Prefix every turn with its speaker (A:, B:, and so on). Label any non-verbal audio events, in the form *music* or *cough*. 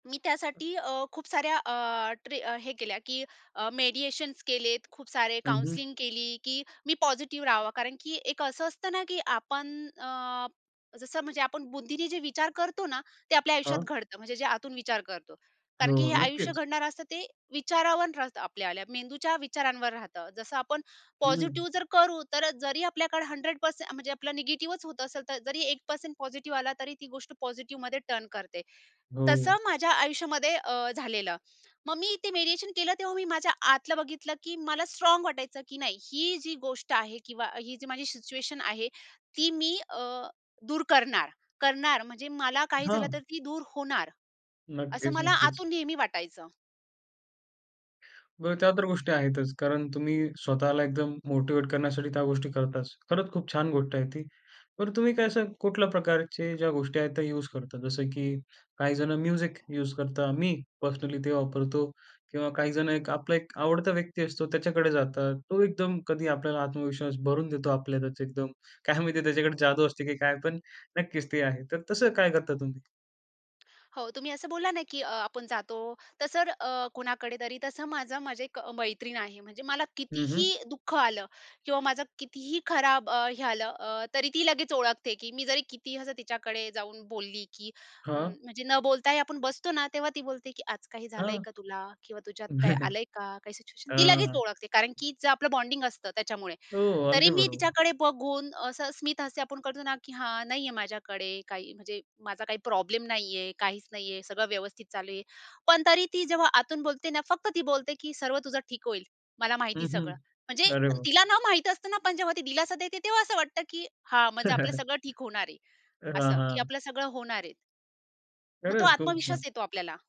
A: मी त्यासाठी अ, खूप साऱ्या अ, ट्रे अ, हे केल्या की अ, मेडिएशन्स केलेत, खूप सारे
B: हं, हं.
A: काउन्सलिंग केली, की मी पॉझिटिव्ह राहावं, कारण की एक असं असतं ना, की आपण अ, जसं म्हणजे आपण बुद्धीने जे विचार करतो ना, ते आपल्या आयुष्यात
B: हां.
A: घडतं, म्हणजे जे आतून विचार करतो, कारण की हे
B: हो,
A: आयुष्य
B: नक्कीच.
A: घडणारं असतं ते विचारावरन राहतं, आपल्या मेंदूच्या विचारांवर राहतं. जसं आपण
B: हं.
A: पॉझिटिव्ह जर करू, तर जरी आपल्याकडे 100% म्हणजे आपलं निगेटिव्हच होत असेल, तर जरी 1% पॉझिटिव्ह आला, तरी ती गोष्ट पॉझिटिव्हमध्ये टर्न करते.
B: हो.
A: तसं माझ्या आयुष्यामध्ये अ, झालेलं. मग मी इथे मीडिएशन केलं, तेव्हा मी माझ्या आतलं बघितलं की मला स्ट्राँग वाटायचं, की नाही ही जी गोष्ट आहे किंवा ही जी माझी सिच्युएशन आहे, ती मी अ, दूर करणार. करणार म्हणजे मला काही झालं, तर
B: हां.
A: ती दूर होणार. असं
B: नक्कीच,
A: मला
B: नक्कीच.
A: आतून नेहमी वाटायचं.
B: बरं त्या तर गोष्टी आहेतच. कारण तुम्ही स्वतःला एकदम मोटिव्हेट करण्यासाठी त्या गोष्टी करताच. खरंच खूप छान गोष्ट आहे ती. बरं, तुम्ही काय असं कुठल्या प्रकारचे ज्या गोष्टी आहेत त्या यूज करता? जसं की काहीजण म्युझिक युज करतात. मी पर्सनली ते वापरतो किंवा काहीजण एक आपला एक आवडता व्यक्ती असतो त्याच्याकडे जातात. तो एकदम कधी आपल्याला आत्मविश्वास भरून देतो आपल्यातच एकदम काय माहिती त्याच्याकडे जादू असते की काय पण नक्कीच ते आहे. तर तसं काय करता तुम्ही?
A: हो, तुम्ही असं बोलला ना, की आपण जातो, तसं अ, तर कुणाकडे तरी, तसं माझं माझी 1 मैत्रीण आहे, म्हणजे मला
B: हं,
A: कितीही
B: हं.
A: दुःख आलं किंवा माझं कितीही खराब अ, हे आलं, अ तरी ती लगेच ओळखते, की मी जरी कितीही असं तिच्याकडे जाऊन बोलली, की
B: हां.
A: म्हणजे न बोलताही आपण बसतो ना, तेव्हा ती बोलते की "आज काही झालंय
B: हं.
A: का तुला?" किंवा "तुझ्यात काय
B: *chuckles*
A: आलंय का?" काही सिच्युएशन ती लगेच
B: आह.
A: ओळखते, कारण की जे आपलं बॉन्डिंग असतं त्याच्यामुळे.
B: हो,
A: तरी
B: अगदी
A: मी
B: बरोबर.
A: तिच्याकडे बघून असं स्मिथ हस्य आपण करतो ना, की "हां, नाहीये माझ्याकडे काही." म्हणजे "माझा काही प्रॉब्लेम नाहीये, काहीच नाहीये, सगळं व्यवस्थित चालू आहे." पण तरी ती जेव्हा आतून बोलते ना, फक्त ती बोलते की "सर्व तुझं ठीक होईल. मला माहिती
B: हं, हं,
A: सगळं." म्हणजे
B: अरे वाह!
A: तिला ना माहित असतं ना, पण जेव्हा ती दिलासा देते तेव्हा असं वाटतं, की हा म्हणजे आपलं
B: *chuckles*
A: सगळं ठीक होणार आहे.
B: हां,
A: असं की
B: हां.
A: आपलं सगळं होणार आहे मग तो
B: खरंच खूपच
A: आत्मविश्वास
B: छान.
A: येतो आपल्याला.